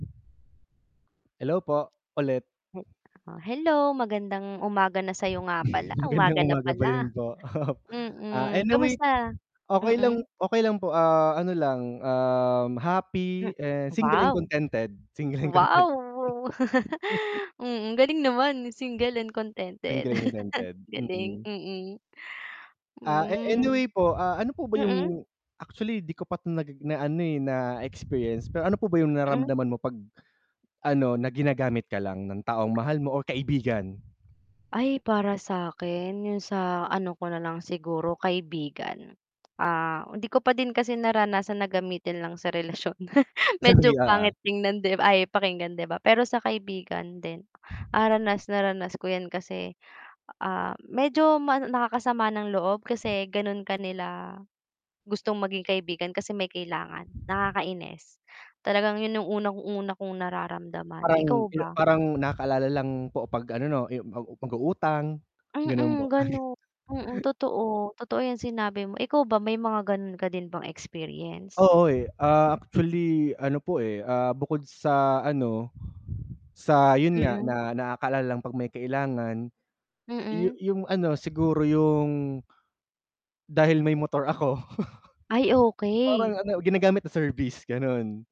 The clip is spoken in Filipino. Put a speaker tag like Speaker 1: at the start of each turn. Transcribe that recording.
Speaker 1: Hello, po ulit.
Speaker 2: Hi k ako, hello, magandang umaga na sa'yo, nga pala
Speaker 1: Magandang
Speaker 2: umaga na
Speaker 1: umaga pa rin
Speaker 2: pala.
Speaker 1: po. Ah,
Speaker 2: Mm,
Speaker 1: anyway po,
Speaker 2: kumusta?
Speaker 1: okey lang
Speaker 2: Mm.
Speaker 1: okey lang po, ah, ano lang, um,
Speaker 2: Hmm,
Speaker 1: happy and single and
Speaker 2: wow!
Speaker 1: contented. Single and
Speaker 2: Wow!
Speaker 1: contented.
Speaker 2: Wow wow, mm, galing naman single and contented.
Speaker 1: Single and contented.
Speaker 2: Galing,
Speaker 1: Mm.
Speaker 2: mm.
Speaker 1: Ah, eh eh,
Speaker 2: Hmm,
Speaker 1: anyway po, ah, ano po ba
Speaker 2: mm.
Speaker 1: 'yung actually di ko pa 'to naggi na ano, eh, na-experience, pero ano po ba 'yung
Speaker 2: Hmm.
Speaker 1: nararamdaman mo 'pag ano, na ginagamit ka lang ng taong mahal mo o kaibigan?
Speaker 2: Ay, para sa'kin 'yung sa ano ko na lang siguro kaibigan. Ah, hindi ko pa din kasi naranasan na gamitin lang sa relasyon,
Speaker 1: Sa may
Speaker 2: medyo
Speaker 1: Oo.
Speaker 2: pangit tingnan, 'di b ay, pakinggan di ba, pero sa kaibigan din, ah, ranas na ranas ko 'yan kasi, ah, medyo ma nakakasama ng loob kasi gano'n ka nila gustong maging kaibigan kasi may kailangan, nakakainis, talagang 'yun 'yung unang-una kong nararamdaman. Ikaw
Speaker 1: Parang ina
Speaker 2: ba?
Speaker 1: parang nakaalala lang po 'pag ano 'no, yu mag mag-uutang, gano'n po.
Speaker 2: Mm, gano'n. Mm, totoo. Totoo 'yung sinabi mo. Ikaw ba may mga gano'n ka din bang experience?
Speaker 1: Oo, eh, ah, actually ano po, eh, ah, bukod sa ano, sa 'yun nga,
Speaker 2: Mm.
Speaker 1: na nakakaalala lang 'pag may kailangan, yu
Speaker 2: Mm.
Speaker 1: 'yung ano siguro 'yung dahil may motor ako,
Speaker 2: Ay, okey.
Speaker 1: parang ano ginagamit na service, gano'n.